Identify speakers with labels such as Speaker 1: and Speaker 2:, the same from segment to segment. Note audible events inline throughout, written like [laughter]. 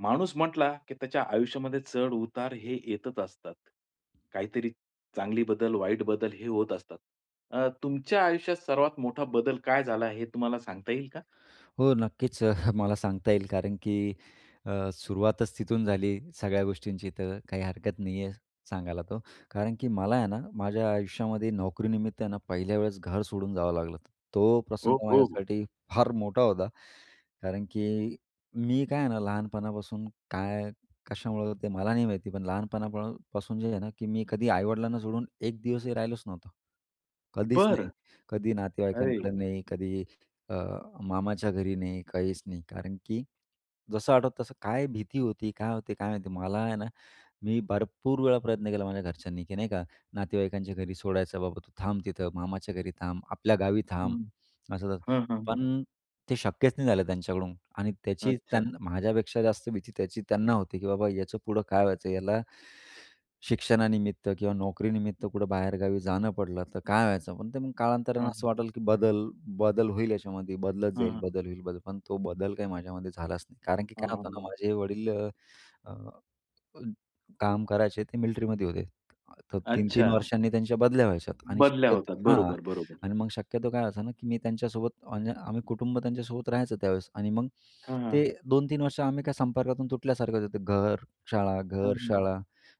Speaker 1: माणूस म्हंटला, की त्याच्या आयुष्यामध्ये चढ-उतार हे येतच असतात. काहीतरी चांगले बदल, वाईट बदल हे होत असतात. अ, तुमच्या आयुष्यात सर्वात मोठा बदल काय झाला हे तुम्हाला सांगता येईल का?
Speaker 2: हो, नक्कीच. [chuckles] मला सांगता येईल कारण की अ, सुरुवातच तिथून झाली सगळ्या गोष्टींची, तर काही हरकत नाही आहे सांगायला तो, कारण की मला आहे ना, माझ्या आयुष्यामध्ये नोकरीनिमित्तानं पहिल्या वेळेस घर सोडून जावं लागलं होतं. तो
Speaker 1: हो,
Speaker 2: प्रसंग
Speaker 1: हो.
Speaker 2: माझ्यासाठी फार मोठा होता, कारण की मी काय आहे ना, लहानपणापासून काय? कशामुळे? ते मला नाही माहिती, पण लहानपणापासून जे आहे ना, की मी कधी आई-वडिलांना सोडून एक दिवसही राहिलोच नव्हतो. कधीच
Speaker 1: बरं,
Speaker 2: नाही. कधी
Speaker 1: अरे!
Speaker 2: नातेवाईकांकडे नाही. कधी अ, मामाच्या घरी नाही. काहीच नाही. कारण की जसं आठवतं तसं काय भीती होती? काय होती? काय माहिती? मला आहे ना, मी भरपूर वेळा प्रयत्न केला माझ्या घरच्यांनी, की नाही का, नातेवाईकांच्या घरी सोडायचं, "बाबा, तू थांब तिथं मामाच्या घरी थांब. आपल्या गावी थांब."
Speaker 1: हं,
Speaker 2: असं-तसं
Speaker 1: हं, हं, हं.
Speaker 2: पण ते शक्यच नाही झालं त्यांच्याकडून आणि त्याची
Speaker 1: अच्छा!
Speaker 2: त्यांना माझ्यापेक्षा जास्त भीती, त्याची त्यांना होती, की बाबा याचं पुढं काय व्हायचं? याला शिक्षणानिमित्त किंवा नोकरीनिमित्त कुठं बाहेरगावी जाणं पडलं तर काय व्हायचं, पण ते मग कालांतराने
Speaker 1: हं.
Speaker 2: असं वाटलं की बदल बदल होईल याच्यामध्ये. बदलत जाईल,
Speaker 1: हं.
Speaker 2: बदल होईल, बदल पण तो बदल काही माझ्यामध्ये झालाच नाही. कारण की काय
Speaker 1: हां
Speaker 2: होतं ना
Speaker 1: ना.
Speaker 2: माझे वडील अ, अ, काम करायचे ते मिलिट्रीमध्ये होते. तर 3-3
Speaker 1: अच्छा!
Speaker 2: वर्षांनी त्यांच्या बदल्या व्हायच्या आणि
Speaker 1: बदल्या होतात.
Speaker 2: शक्यतो हां
Speaker 1: बरोबर, बरोबर.
Speaker 2: अन् मग शक्यतो काय ना, की मी त्यांच्यासोबत म्हणजे आम्ही कुटुंब त्यांच्यासोबत राहायचं त्यावेळेस आणि मग
Speaker 1: हां,
Speaker 2: ते
Speaker 1: हां.
Speaker 2: 2-3 वर्ष आम्ही काय संपर्कातून तुटल्यासारखं होतं. घर-शाळा,
Speaker 1: हं.
Speaker 2: घर-शाळा,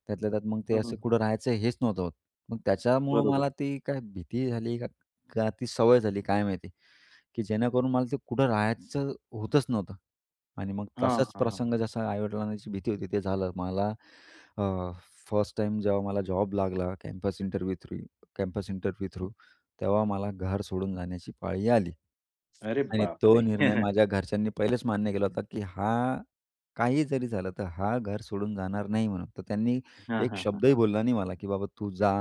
Speaker 2: त्यातल्या त्यात मग ते असं
Speaker 1: हं.
Speaker 2: कुठं राहायचं हेच नव्हतं होत. मग त्याच्यामुळं
Speaker 1: बरोबर.
Speaker 2: मला ती काय भीती झाली का, का ती सवय झाली? काय माहिती? की जेणेकरून मला ते कुठं राहायचं होतच नव्हतं आणि मग
Speaker 1: हां,
Speaker 2: तसाच
Speaker 1: हां.
Speaker 2: प्रसंग जसा आई-वडिलांची भीती होती ते झालं. मला अ, फर्स्ट टाईम जेव्हा मला जॉब लागला campus interview through campus interview through
Speaker 1: हं.
Speaker 2: तेव्हा मला घर सोडून जाण्याची पाळी आली
Speaker 1: अरे
Speaker 2: आणि
Speaker 1: बाप
Speaker 2: तो
Speaker 1: रे!
Speaker 2: निर्णय
Speaker 1: [chuckles]
Speaker 2: माझ्या घरच्यांनी पहिलेच मान्य केला होता, की हा काही जरी झालं तर हा घर सोडून जाणार नाही म्हणून. तर त्यांनी
Speaker 1: हां,
Speaker 2: एक
Speaker 1: हां, हां.
Speaker 2: शब्दही बोलला नाही मला, की बाबा तू जा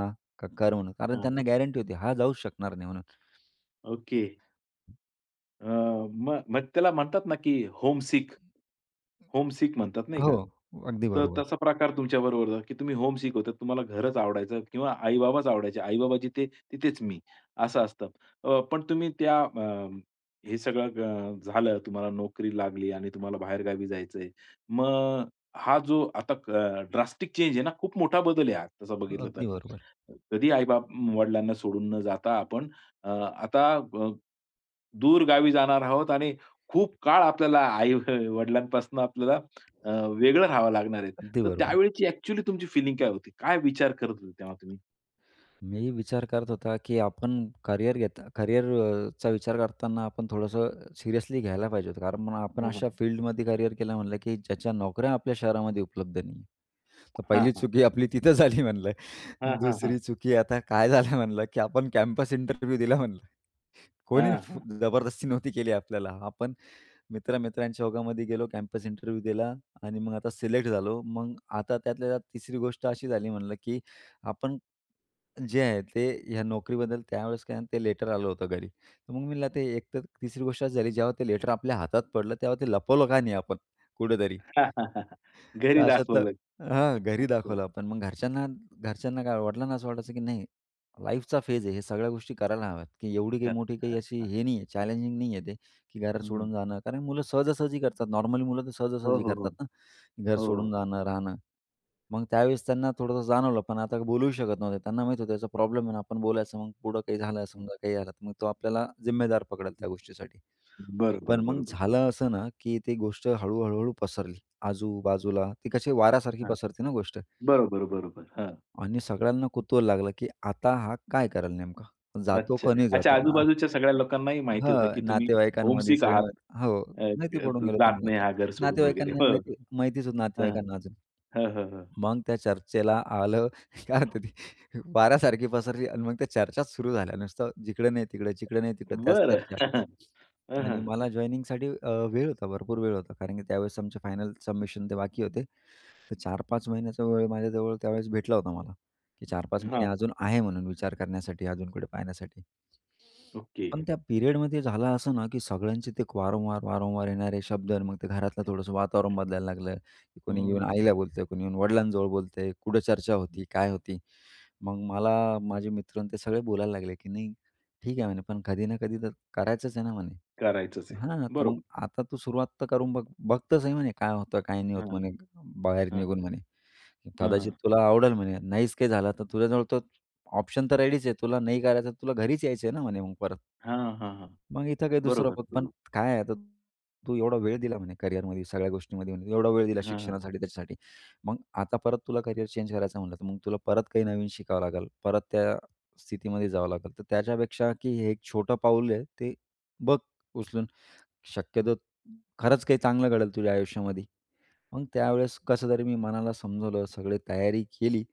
Speaker 2: कर म्हणून. कारण
Speaker 1: हां.
Speaker 2: त्यांना गॅरंटी होती, हा जाऊच शकणार नाही म्हणून.
Speaker 1: ओके. अ, म मग त्याला म्हणतात ना की होमसिक. होमसिक म्हणतात
Speaker 2: अ,
Speaker 1: नाही
Speaker 2: हो,
Speaker 1: का?
Speaker 2: अगदी
Speaker 1: त तर
Speaker 2: बरोबर.
Speaker 1: तसा प्रकार तुमच्या बरोबर झाला की तुम्ही होमसिक होता. तुम्हाला घरच आवडायचं किंवा आई-बाबाच आवडायचे. आई-बाबा जिथे तिथेच मी. असं असतं. अ, पण तुम्ही त्या अ, हे सगळं ग, झालं तुम्हाला नोकरी लागली आणि तुम्हाला बाहेरगावी जायचं आहे. मग हा जो आता अ, ड्रास्टिक चेंज आहे ना, खूप मोठा बदल आहे हा, तसा बघितलं तर.
Speaker 2: अगदी बरोबर.
Speaker 1: कधी आई-बाप, वडिलांना सोडून न जाता आपण अ, आता अ, दूर गावी जाणार आहोत आणि खूप काळ आपल्याला आई वडिलांपासून आपल्याला अ, वेगळं राहावं लागणार आहे.
Speaker 2: अगदी
Speaker 1: तर
Speaker 2: बरोबर.
Speaker 1: त्यावेळेची ॲक्चुअली तुमची फिलिंग काय होती, काय विचार करत होते तेव्हा तुम्ही?
Speaker 2: [clicks tongue] मी विचार करत होतो की आपण करियर घेता करियरचा विचार करताना आपण थोडंसं सीरियसली घ्यायला पाहिजे होतं. कारण मग आपण
Speaker 1: हां,
Speaker 2: अशा
Speaker 1: हां.
Speaker 2: फिल्डमध्ये करियर केलं म्हणलं की ज्याच्या नोकऱ्या आपल्या शहरामध्ये उपलब्ध नाही. तर
Speaker 1: हां,
Speaker 2: 1ली
Speaker 1: हां.
Speaker 2: चुकी आपली तिथं झाली म्हणलं.
Speaker 1: हां, हां, हां.
Speaker 2: 2री चुकी आता काय झालं म्हणलं? की आपण कॅम्पस इंटरव्ह्यू दिला म्हणलं. कोणी
Speaker 1: हां,
Speaker 2: फ
Speaker 1: हां.
Speaker 2: जबरदस्ती नव्हती केली आपल्याला. आपण मित्र-मित्रांच्या ओघामध्ये गेलो कॅम्पस इंटरव्ह्यू दिला आणि मग आता सिलेक्ट झालो. मग आता त्यातल्या त्यात 3री गोष्ट अशी झाली म्हणलं की आपण जे आहे, ते ह्या नोकरीबद्दल त्यावेळेस काय ते लेटर आलं होतं घरी. तर मग मी ते एकतर 3री गोष्ट अशी झाली जेव्हा ते लेटर आपल्या हातात पडलं तेव्हा ते लपवलं का नाही आपण, कुठेतरी?
Speaker 1: [laughs]
Speaker 2: तर
Speaker 1: घरी
Speaker 2: अशातलं
Speaker 1: दाखवलं.
Speaker 2: हां, घरी
Speaker 1: अच्छा.
Speaker 2: दाखवलं आपण मग घरच्यांना घरच्यांना काय? वडिलांना असं वाटायचं की नाही, लाईफचा फेज आहे हे, सगळ्या गोष्टी करायला हव्यात की एवढी काही
Speaker 1: खरं.
Speaker 2: मोठी काही
Speaker 1: हं,
Speaker 2: अशी
Speaker 1: हां.
Speaker 2: हे नाही आहे. चॅलेंजिंग नाही आहे ते, की घरात
Speaker 1: हं.
Speaker 2: सोडून जाणं. कारण मुलं सहजा-सहजी करतात. नॉर्मली मुलं तर
Speaker 1: हो,
Speaker 2: सहजा-सहजी
Speaker 1: हो, हो.
Speaker 2: करतात ना, घर
Speaker 1: हो,
Speaker 2: सोडून
Speaker 1: हो.
Speaker 2: जाणं, राहणं. मग त्यावेळेस त्यांना थोडंसं जाणवलं. पण आता बोलूही शकत नव्हते. त्यांना माहीत होतं याचा प्रॉब्लेम आहे ना, आपण बोलायचं, मग पुढं काही झालं
Speaker 1: हं.
Speaker 2: समजा? काही झालं? तर मग तो आपल्याला जिम्मेदार पकडेल
Speaker 1: हं.
Speaker 2: त्या गोष्टीसाठी.
Speaker 1: बरं,
Speaker 2: पण
Speaker 1: बरं,
Speaker 2: मग
Speaker 1: बरं, बरं.
Speaker 2: झालं असं ना की ती गोष्ट हळू-हळू पसरली. आजू-बाजूला ती कशी वाऱ्यासारखी
Speaker 1: हां.
Speaker 2: पसरते ना गोष्ट.
Speaker 1: बरोबर, बरोबर हां.
Speaker 2: आणि सगळ्यांना कुतूहल लागलं की आता हा काय करेल नेमका, जातो
Speaker 1: अच्छा.
Speaker 2: का नाही
Speaker 1: अच्छा,
Speaker 2: जातो हा?
Speaker 1: आजूबाजूच्या सगळ्या लोकांनाही माहिती होतं
Speaker 2: हां.
Speaker 1: की तुम्ही
Speaker 2: नातेवाईकांमध्ये
Speaker 1: होमसिक आहात
Speaker 2: सगळं हो,
Speaker 1: अ,
Speaker 2: माहिती
Speaker 1: अ,
Speaker 2: पडून
Speaker 1: ज
Speaker 2: गेलं
Speaker 1: जात नाही
Speaker 2: होत
Speaker 1: हा घर
Speaker 2: [unintelligible]
Speaker 1: सोडून वगैरे.
Speaker 2: नातेवाईकांना माहिती
Speaker 1: [chuckles]
Speaker 2: माहितच होत
Speaker 1: हां.
Speaker 2: नातेवाईकांना अजून.
Speaker 1: हां, हां, हां.
Speaker 2: मग त्या चर्चेला आलं काय तरी वाऱ्यासारखी पसरली आणि मग त्या चर्चाच सुरू झाल्या नुसतं जिकडं नाही तिकडे, जिकडे नाही तिकडे त्याच
Speaker 1: बरं.
Speaker 2: चर्चा.
Speaker 1: [chuckles] हं, हं,
Speaker 2: आणि
Speaker 1: हं.
Speaker 2: मला जॉइनिंगसाठी अ, वेळ होता भरपूर वेळ होता. कारण की त्यावेळेस आमचे फायनल सबमिशन ते बाकी होते. तर 4-5 महिन्याचा वेळ माझ्याजवळ त्यावेळेस भेटला होता मला की 4-5
Speaker 1: हं,
Speaker 2: महिने
Speaker 1: हां.
Speaker 2: अजून आहे म्हणून विचार करण्यासाठी, अजून कुठे पाहण्यासाठी.
Speaker 1: ओके.
Speaker 2: पण त्या पिरियडमध्ये झालं असं ना की सगळ्यांचे ते वारंवार, वारंवार येणारे शब्द आणि मग ते घरातलं थोडंसं वातावरण बदलायला लागलं की
Speaker 1: हं,
Speaker 2: कोणी येऊन
Speaker 1: हं.
Speaker 2: आईला बोलतंय, कोणी येऊन वडिलांजवळ बोलतंय, कुठं चर्चा होती? काय होती? मग मला माझे मित्र आणि ते सगळे बोलायला लागले की, "नाही, ठीक आहे म्हणे. पण कधी ना कधी तर करायचंच आहे ना म्हणे
Speaker 1: करायचंच आहे.
Speaker 2: हां, तर मग
Speaker 1: बरोबर.
Speaker 2: आता तू सुरुवात तर करून बघ. बघतर सही आहे म्हणे, काय होतं? काय नाही होतं?
Speaker 1: हां,
Speaker 2: म्हणे बाहेर
Speaker 1: हां.
Speaker 2: निघून म्हणे
Speaker 1: हां,
Speaker 2: कदाचित
Speaker 1: हां.
Speaker 2: तुला आवडेल म्हणे. नाहीच काही झालं तर तुझ्याजवळ तो ऑप्शन तर रेडीच आहे. तुला नाही करायचं? तुला घरीच यायचं आहे ना म्हणे मग परत."
Speaker 1: हां, हां, हां, हां.
Speaker 2: "मग इथं काही दुसरं
Speaker 1: बरोबर,
Speaker 2: बघ. पण
Speaker 1: बरोबर.
Speaker 2: काय आहे? आता तू एवढा वेळ दिला म्हणे करिअरमध्ये, सगळ्या गोष्टींमध्ये, म्हणे एवढा वेळ दिला
Speaker 1: हां, हां.
Speaker 2: शिक्षणासाठी, त्याच्यासाठी. मग आता परत तुला करियर चेंज करायचं म्हणलं, तर मग तुला परत काही नवीन शिकावं लागेल, परत त्या स्थितीमध्ये जावं लागेल. तर त्याच्यापेक्षा की हे एक छोटं पाऊल आहे, ते बघ उचलून, शक्यतो खरंच काही चांगलं घडेल तुझ्या आयुष्यामध्ये." मग त्यावेळेस कसं तरी मी मनाला समजवलं, सगळी तयारी केली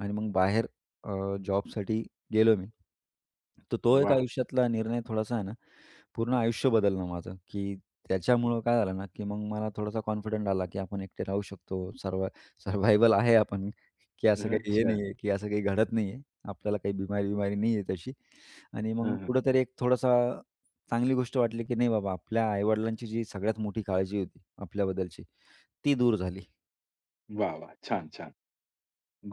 Speaker 2: आणि मग बाहेर अ, जॉबसाठी गेलो मी. तर तो एक
Speaker 1: वाह!
Speaker 2: आयुष्यातला निर्णय थोडासा आहे ना, पूर्ण आयुष्य बदललं माझं की त्याच्यामुळं काय झालं ना? की मग मला थोडासा कॉन्फिडंट आला की आपण एकटे राहू शकतो सरवा सरवायवल आहे. आपण की असं काही, हे
Speaker 1: अच्छा.
Speaker 2: नाही आहे, की असं काही घडत नाही आहे. आपल्याला काही बिमारी-विमारी नाही आहे तशी. आणि मग
Speaker 1: हां, हां.
Speaker 2: कुठेतरी एक थोडीशी चांगली गोष्ट वाटली की नाही बाबा, आपल्या आई-वडिलांची जी सगळ्यात मोठी काळजी होती आपल्याबद्दलची ती दूर झाली.
Speaker 1: वाह, वाह! छान छान.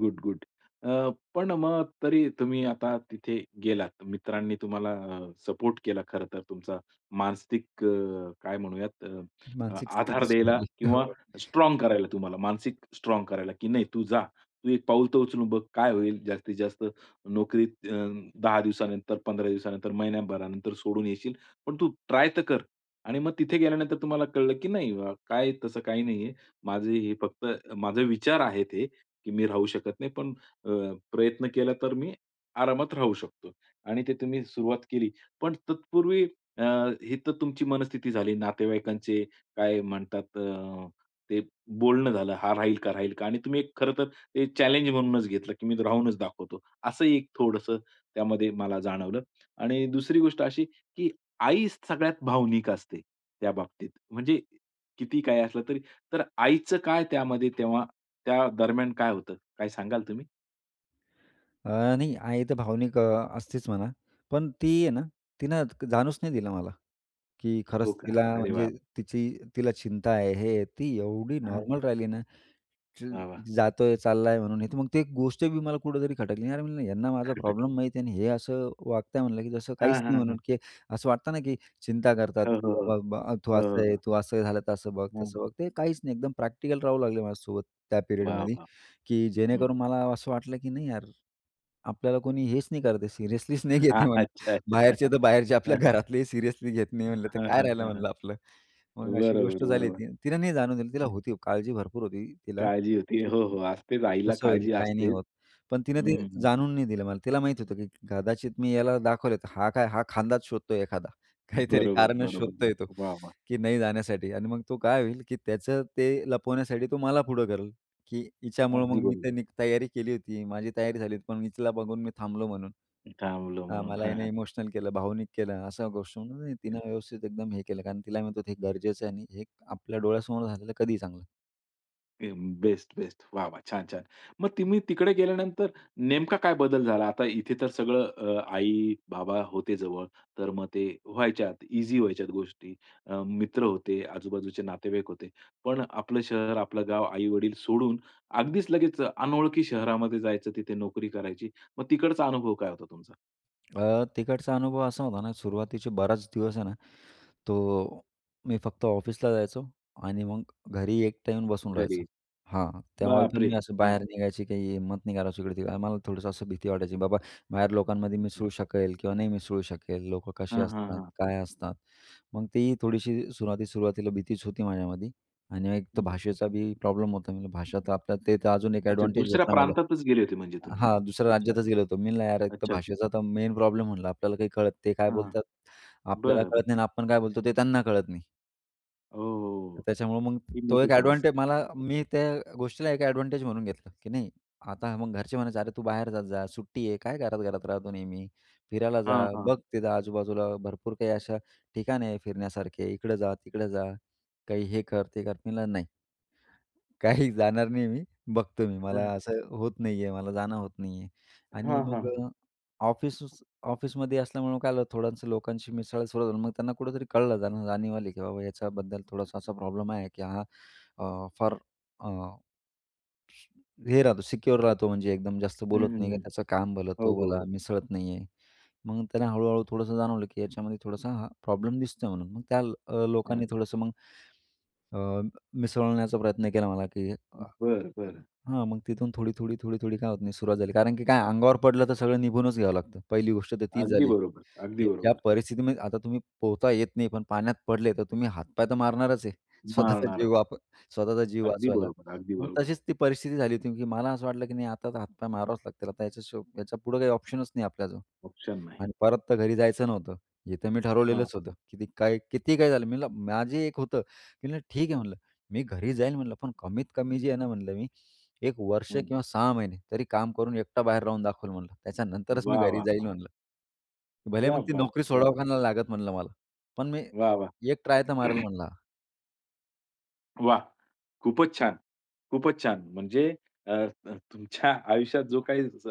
Speaker 1: Good good. अ, पण मग तरी तुम्ही आता तिथे गेलात, मित्रांनी तुम्हाला सपोर्ट केला खरंतर. तुमचा मानसिक काय म्हणूयात
Speaker 2: मानसिक
Speaker 1: आधार
Speaker 2: स्थिती
Speaker 1: द्यायला
Speaker 2: सुधारली
Speaker 1: किंवा
Speaker 2: हो.
Speaker 1: स्ट्राँग करायला तुम्हाला मानसिक स्ट्राँग करायला की नाही तू जा. तू एक पाऊल तर उचलून बघ. काय होईल जास्तीत जास्त. नोकरीत अ, 10 दिवसानंतर 15 दिवसानंतर, महिन्याभरानंतर सोडून येशील पण तू ट्राय तर कर आणि मग तिथे गेल्यानंतर तुम्हाला कळलं की नाही, काय तसं काही नाही आहे. माझं हे फक्त माझे विचार आहेत हे की मी राहू शकत नाही पण अ, प्रयत्न केला तर मी आरामात राहू शकतो आणि ते तुम्ही सुरुवात केली. पण तत्पूर्वी अ, ही तर तुमची मनस्थिती झाली, नातेवाईकांचे काय म्हणतात, ते बोलणं झालं हा राहील का? राहील का? आणि तुम्ही खरं तर ते चॅलेंज म्हणूनच घेतलं की मी राहूनच दाखवतो. असं एक थोडंसं त्यामध्ये मला जाणवलं आणि दुसरी गोष्ट अशी की आईच सगळ्यात भावनिक असते त्या बाबतीत. म्हणजे किती काही असलं तरी तर आईचं काय त्यामध्ये तेव्हा त्या दरम्यान काय होतं? काय सांगाल तुम्ही?
Speaker 2: अ, नाही. आई तर भावनिक अ, असतेच म्हणा. पण ती आहे ना, तिनं जाणूच नाही दिलं मला. की
Speaker 1: हो
Speaker 2: खरंच
Speaker 1: का.
Speaker 2: तिला
Speaker 1: अरे
Speaker 2: म्हणजे
Speaker 1: वाह!
Speaker 2: तिची तिला चिंता आहे हे, ती एवढी
Speaker 1: हां.
Speaker 2: नॉर्मल राहिली ना, चिल,
Speaker 1: वाह, वाह.
Speaker 2: जातोय, चालला आहे म्हणून, हे तर मग ती गोष्ट बी मला कुठेतरी खटकली. "अरे! म्हणलं यांना माझा
Speaker 1: खटकली.
Speaker 2: प्रॉब्लेम माहीत आहे आणि हे असं वागत आहे म्हणलं, की जसं
Speaker 1: हां,
Speaker 2: काहीच नाही."
Speaker 1: हां, हां.
Speaker 2: म्हणून की असं वाटतं ना की चिंता करतात,
Speaker 1: हो,
Speaker 2: की
Speaker 1: हो, हो.
Speaker 2: बाबा ब "तू
Speaker 1: हो,
Speaker 2: असं
Speaker 1: हो
Speaker 2: आहे,
Speaker 1: हो.
Speaker 2: तू असं झालं तर बघ,
Speaker 1: हं.
Speaker 2: तसं बघ." ते काहीच नाही एकदम प्रॅक्टिकल राहू लागले माझ्यासोबत. त्या
Speaker 1: वाह!
Speaker 2: पिरियडमध्ये,
Speaker 1: वाह!
Speaker 2: की
Speaker 1: हं.
Speaker 2: जेणेकरून मला असं वाटलं की नाही यार, आपल्याला कोणी हेच नाही करत सिरियसली नाही
Speaker 1: हां,
Speaker 2: घेते म्हणलं. बाहेरचे
Speaker 1: अच्छा-अच्छा.
Speaker 2: तर
Speaker 1: [chuckles]
Speaker 2: बाहेरचे आपल्या
Speaker 1: हं, हं.
Speaker 2: घरातलेही सिरियसली घेत नाही म्हणलं तर
Speaker 1: हां,
Speaker 2: काय
Speaker 1: हां.
Speaker 2: राहिलं
Speaker 1: हां, हां.
Speaker 2: म्हणलं आपलं. मग अशी गोष्ट
Speaker 1: बरोबर,
Speaker 2: झाली
Speaker 1: बरोबर.
Speaker 2: ती. तिने नाही जाणून दिलं तिला
Speaker 1: हं.
Speaker 2: होती, काळजी भरपूर होती तिला.
Speaker 1: काळजी होती. हो,
Speaker 2: चुकून,
Speaker 1: हो, असतेच
Speaker 2: की
Speaker 1: आईला
Speaker 2: कसं होईल?
Speaker 1: काळजी
Speaker 2: काय नाही
Speaker 1: असतेच.
Speaker 2: होत. पण तिनं
Speaker 1: हं,
Speaker 2: ते
Speaker 1: हं, हं.
Speaker 2: जाणवून नाही दिलं, मला तिला माहीत होतं, की कदाचित मी याला दाखवलं, तर हा काय हा खांदाच शोधतोय एखादा, काहीतरी
Speaker 1: बरोबर,
Speaker 2: कारणं
Speaker 1: बरोबर बोलले.
Speaker 2: शोधतोय तो
Speaker 1: वाह! वाह!
Speaker 2: की नाही जाण्यासाठी. आणि मग तो काय होईल की त्याचं ते लपवण्यासाठी तो मला पुढं करेल, की "हिच्यामुळं मग
Speaker 1: अगदी
Speaker 2: मी
Speaker 1: बरोबर.
Speaker 2: तर तयारी केली होती, माझी तयारी झाली होती, पण मी तिला बघून मी थांबलो म्हणून.
Speaker 1: थांबलं
Speaker 2: हां.
Speaker 1: म्हणून.
Speaker 2: मला
Speaker 1: हां,
Speaker 2: हिने
Speaker 1: हां.
Speaker 2: इमोशनल केलं, भावनिक केलं." अशा गोष्टीवरून म्हणून
Speaker 1: येस.
Speaker 2: तिनं व्यवस्थित एकदम हे केलं. कारण तिला म्हणत होतं हे गरजेचं आहे आणि हे आपल्या डोळ्यासमोर झालेलं कधीही चांगलं.
Speaker 1: [unintelligible] बेस्ट, बेस्ट, वाह, वाह! छान, छान. मग तुम्ही तिकडे गेल्यानंतर, नेमका काय बदल झाला? आता इथे तर सगळं अ, आई-बाबा होते जवळ, तर मग ते व्हायच्यात ईझी व्हायच्या गोष्टी, अ मित्र होते, आजूबाजूचे नातेवाईक होते, पण आपलं शहर, आपलं गाव, आईवडील सोडून, अगदीच लगेच अनोळखी शहरामध्ये जायचं, तिथे नोकरी करायची, मग तिकडचा अनुभव काय होता तुमचा?
Speaker 2: अ, तिकडचा अनुभव असा होता ना, सुरुवातीचे बराच दिवस आहे ना, तो मी फक्त ऑफिसला जायचो आणि मग घरी एकटा येऊन बसून
Speaker 1: घरी,
Speaker 2: राहायचो. हां, त्यामुळे
Speaker 1: बाप
Speaker 2: पण मी
Speaker 1: रे!
Speaker 2: असं
Speaker 1: हां.
Speaker 2: बाहेर निघायची काही हिम्मत नाही करायचो, इकडे मला थोडंसं असं भीती वाटायची, बाबा, बाहेर लोकांमध्ये मिसळू शकेल किंवा नाही मिसळू शकेल, लोकं कशी
Speaker 1: हां, हां,
Speaker 2: असतात,
Speaker 1: हां.
Speaker 2: काय असतात, मग ती थोडीशी सुरुवाती सुरुवातीला भीतीच होती माझ्यामध्ये. आणि एक तर
Speaker 1: हं.
Speaker 2: भाषेचा बी प्रॉब्लेम होता, मी भाषा तर आपल्या, ते तर अजून एक
Speaker 1: अच्छा,
Speaker 2: एडवांटेज
Speaker 1: दुसऱ्या
Speaker 2: भेटला मला,
Speaker 1: प्रांतातच गेले होते, म्हणजे तुम्ही?
Speaker 2: हां. दुसऱ्या
Speaker 1: अच्छा.
Speaker 2: राज्यातच गेलो होतो. मी म्हणलं, यार, एक तर
Speaker 1: अच्छा, अच्छा.
Speaker 2: भाषेचा तर मेन प्रॉब्लेम म्हणला, आपल्याला काही कळत नाही ते काय
Speaker 1: हां.
Speaker 2: बोलतात, आपल्याला
Speaker 1: बरं,
Speaker 2: कळत नाही
Speaker 1: बरं.
Speaker 2: आणि आपण काय बोलतो ते त्यांना कळत नाही.
Speaker 1: हो.
Speaker 2: त्याच्यामुळं मग
Speaker 1: ती
Speaker 2: तो
Speaker 1: मोठी
Speaker 2: एक एडवांटे मला,
Speaker 1: समस्या.
Speaker 2: मी त्या गोष्टीला एक एडवांटेज म्हणून घेतलं, की नाही, आता मग घरचे म्हणायचे, "अरे, तू बाहेर जात जा, सुट्टी आहे, काय घरात घरात राहतो, नेहमी फिरायला जा,
Speaker 1: हां, हां.
Speaker 2: बघ तिथं आजूबाजूला भरपूर काही अशा ठिकाणे आहेत फिरण्यासारखे, इकडं जा, तिकडं जा, काही हे कर, ते कर." मी म्हटलं, "नाही. काही जाणार नाही मी, बघतो मी मला
Speaker 1: हं.
Speaker 2: असं होत नाही आहे, मला जाणं होत नाही आहे." आणि
Speaker 1: हां,
Speaker 2: मग
Speaker 1: हां.
Speaker 2: ऑफिसचं, ऑफिसमध्ये असल्यामुळं काय आलं, थोड्यांसं लोकांशी मिसळला, सुरुवात झाली, मग त्यांना कुठेतरी कळलं, त्यांना जाणीव आली, की बाबा, याच्याबद्दल थोडासा असा प्रॉब्लेम आहे, की हां अ, फार अ, हे राहतो, सिक्युअर राहतो, म्हणजे एकदम जास्त
Speaker 1: हं,
Speaker 2: बोलत
Speaker 1: हं,
Speaker 2: नाही,
Speaker 1: हं.
Speaker 2: त्याचं काम भला
Speaker 1: हो,
Speaker 2: तो
Speaker 1: हो,
Speaker 2: भला,
Speaker 1: हो.
Speaker 2: मिसळत नाही आहे. मग त्याने हळूहळू थोडंसं जाणवलं, की याच्यामध्ये थोडासा ह प्रॉब्लेम दिसतोय, म्हणून मग त्या अ,
Speaker 1: हं.
Speaker 2: लोकांनी थोडंसं मग अ, मिसळण्याचा प्रयत्न केला मला, की
Speaker 1: बरं, बरं.
Speaker 2: हां मग तिथून थोडी, थोडी, थोडी, थोडी काय होत नाही, सुरुवात झाली, कारण की काय, अंगावर पडलं तर सगळं निघूनच घ्यावं लागतं. पहिली गोष्ट तर तीच
Speaker 1: अगदी
Speaker 2: झाली,
Speaker 1: बरोबर, अगदी
Speaker 2: की ज्या
Speaker 1: बरोबर.
Speaker 2: परिस्थितीमध्ये आता तुम्ही पोहता येत नाही, पण पाण्यात पडले, तर तुम्ही हातपाय तर मारणारच आहे, स्वतःचा
Speaker 1: मारणारा.
Speaker 2: जीव वाच स्वतःचा जीव
Speaker 1: अगदी
Speaker 2: वाचवायला,
Speaker 1: बरोबर, अगदी
Speaker 2: मग
Speaker 1: बरोबर.
Speaker 2: तशीच ती परिस्थिती झाली होती, की मला असं वाटलं, की नाही, आता तर हातपाय मारावाच लागतील, आता याच्यापुढं काही ऑप्शनच नाही आपल्याजवळ.
Speaker 1: ऑप्शन नाही.
Speaker 2: आणि परत तर घरी जायचं नव्हतं. इथं मी
Speaker 1: हां,
Speaker 2: ठरवलेलंच
Speaker 1: हां.
Speaker 2: होतं, की काय, किती काय झालं, मी म्हणलं, माझी एक होतं, मी म्हणलं, "ठीक आहे," म्हणलं, "मी घरी जाईल," म्हणलं, "पण कमीत कमी जी आहे ना," म्हणलं, "मी 1 वर्ष
Speaker 1: हं.
Speaker 2: किंवा 6 महिने तरी काम करून, एकटा बाहेर राहून दाखवल म्हणलं, त्याच्यानंतरच मी
Speaker 1: वाह,
Speaker 2: घरी
Speaker 1: वाह,
Speaker 2: जाईल
Speaker 1: वाह!
Speaker 2: म्हणलं." भले
Speaker 1: क्या
Speaker 2: मग ती
Speaker 1: बात है!
Speaker 2: नोकरी
Speaker 1: क्या
Speaker 2: सोडाव
Speaker 1: बात
Speaker 2: का
Speaker 1: है!
Speaker 2: ना लागत म्हणलं मला, पण मी
Speaker 1: वाह, वाह!
Speaker 2: एक ट्राय तर मारेल म्हणल हा.
Speaker 1: वाह! खूपच छान, खूपच छान. म्हणजे अ, तुमच्या आयुष्यात जो काही स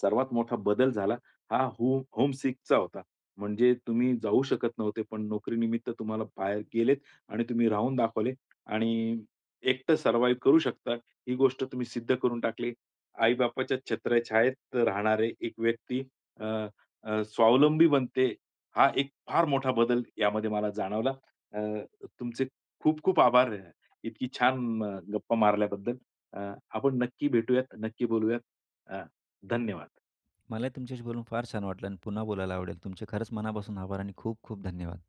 Speaker 1: सर्वात मोठा बदल झाला, हा हो होम सिकचा होता, म्हणजे तुम्ही जाऊ शकत नव्हते, पण नोकरीनिमित्त तुम्हाला बाहेर गेलेत आणि तुम्ही राहून दाखवले. आणि एकटं सर्वाईव करू शकता, ही गोष्ट तुम्ही सिद्ध करून टाकले. आई-बापाच्या छत्रछायेत राहणारे एक व्यक्ती अ, अ, स्वावलंबी बनते. हा एक फार मोठा बदल यामध्ये मला जाणवला. अ, तुमचे खूप खूप आभार, इतकी छान गप्पा मारल्याबद्दल, अ, आपण नक्की भेटूयात, नक्की बोलूयात. अ, धन्यवाद.
Speaker 2: मला ही तुमच्याशी बोलून फार छान वाटलं आणि पुन्हा बोलायला आवडेल. तुमचे खरंच मनापासून आभार आणि खूप खूप धन्यवाद.